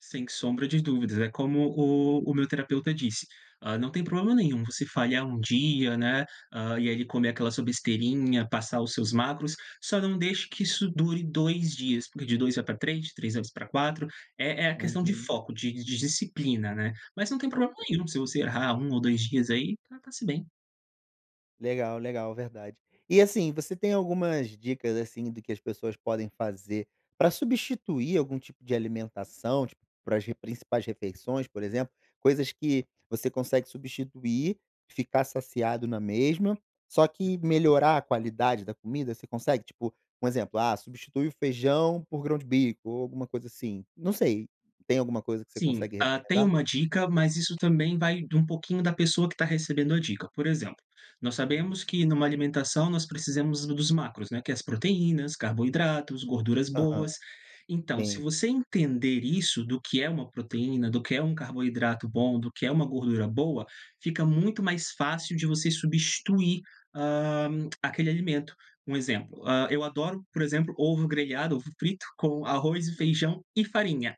Sem sombra de dúvidas. É como o o meu terapeuta disse, hã, não tem problema nenhum você falhar 1 dia, né, hã, e aí comer aquela sua besteirinha, passar os seus macros, só não deixe que isso dure 2 dias, porque de 2 vai pra 3, de 3 vezes pra 4, é é a questão de Uhum. foco, de de disciplina, né. Mas não tem problema É. nenhum se você errar 1 ou 2 dias aí, tá tá se bem. Legal, legal, verdade. E, assim, você tem algumas dicas, assim, do que as pessoas podem fazer pra substituir algum tipo de alimentação, tipo, para as re principais refeições, por exemplo, coisas que você consegue substituir, ficar saciado na mesma, só que melhorar a qualidade da comida, você consegue, tipo um exemplo, ah, substitui o feijão por grão de bico, ou alguma coisa assim, não sei, tem alguma coisa que você Sim, consegue hã, tem recomendar? uma dica, mas isso também vai de um pouquinho da pessoa que está recebendo a dica. Por exemplo, nós Hum. sabemos que em uma alimentação nós precisamos dos macros, né, que é as proteínas, carboidratos, gorduras Aham. boas. Então, se Sim. você entender isso, do que é uma proteína, do que é um carboidrato bom, do que é uma gordura boa, fica muito mais fácil de você substituir, hã, aquele alimento. Um exemplo, hã, eu adoro, por exemplo, ovo grelhado, ovo frito com arroz e feijão e farinha,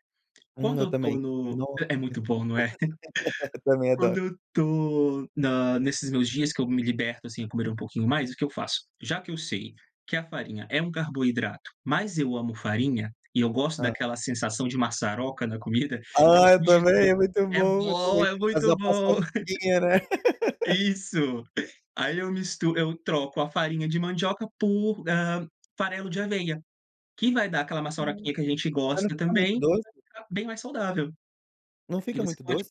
Hum, quando eu eu também, estou no nossa, é muito muito bom. bom, não é? Também Quando adoro. eu estou na nesses meus dias que eu me liberto, assim, a comer um pouquinho mais, o que eu faço? Já que eu sei que a farinha é um carboidrato, mas eu amo farinha, e eu gosto Hã. daquela sensação de maçaroca na comida, eu Ah, eu também, substituo é muito é bom, eu bom, também. é Fazer muito uma bom. paçoquinha, né. Isso. Aí eu mistu eu troco a farinha de mandioca por, hã, farelo de aveia, que vai dar aquela Ah, maçaroquinha que a gente mas não gosta fica também, muito mas doce? vai ficar bem mais saudável. Não E fica você muito pode doce?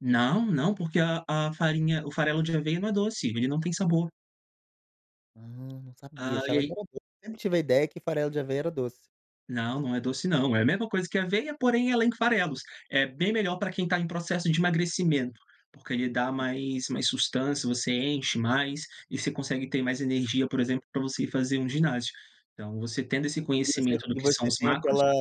não, não, porque a a farinha o farelo de aveia não é doce, ele não tem sabor. Ah, não sabia, Ah, e achava que aí era doce. Sempre tive a ideia que farelo de aveia era doce. Não, não é doce não. É a mesma coisa que aveia, porém ela em farelos. É bem melhor pra quem está em processo de emagrecimento, porque ele dá mais mais sustância, você enche mais e você consegue ter mais energia, por exemplo, pra você ir fazer um ginásio. Então, você tendo esse Entendi, e você conhecimento do e que são você os tem macros aquela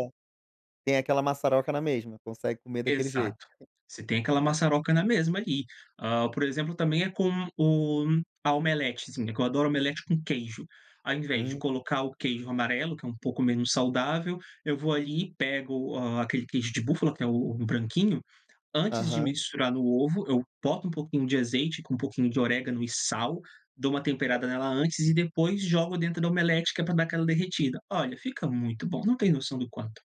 tem aquela maçaroca na mesma? Consegue comer daquele jeito? Exato, você tem aquela Ah. maçaroca na mesma ali. Hã, por exemplo, também, é com o a omeletezinha, que adoro omelete com queijo. Ao invés de Uhum. colocar o queijo amarelo, que é um pouco menos saudável, eu vou ali pego, hã, aquele queijo de búfala que é o o branquinho, antes de Aham. misturar no ovo eu boto um pouquinho de azeite com um pouquinho de orégano e sal, dou uma temperada nela [unintelligible] antes e depois jogo dentro da omelete que é pra dar aquela derretida. Olha, fica muito bom, não tem noção do quanto.